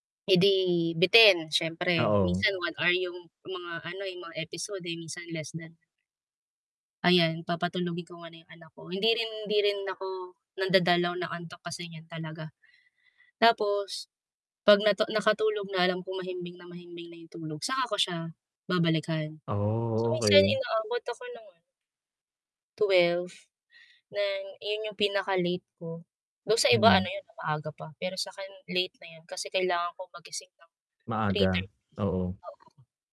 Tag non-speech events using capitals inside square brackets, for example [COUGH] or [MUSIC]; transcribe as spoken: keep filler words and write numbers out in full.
Eh, 'di bitin, siyempre. Oo. Minsan one hour yung yung mga ano, eh, yung mga episode, eh, minsan less than. [UNINTELLIGIBLE] Ayan, papatulugin ko muna yung anak ko. Hindi rin hindi rin ako nandadalaw ng antok, kasi yan talaga. Tapos, 'pag natu nakatulog na, alam kong mahimbing na mahimbing na yung tulog, saka ko siya babalikan. So, Oh, minsan okey. inaabot ako no'n twelve, na iyon yung pinaka-late ko. Do'n sa iba ano Mm. 'yon, 'no maaga pa. Pero sa'kin late na 'yon kasi kailangan kong magising ng Maaga, three-thirty, oo. oo.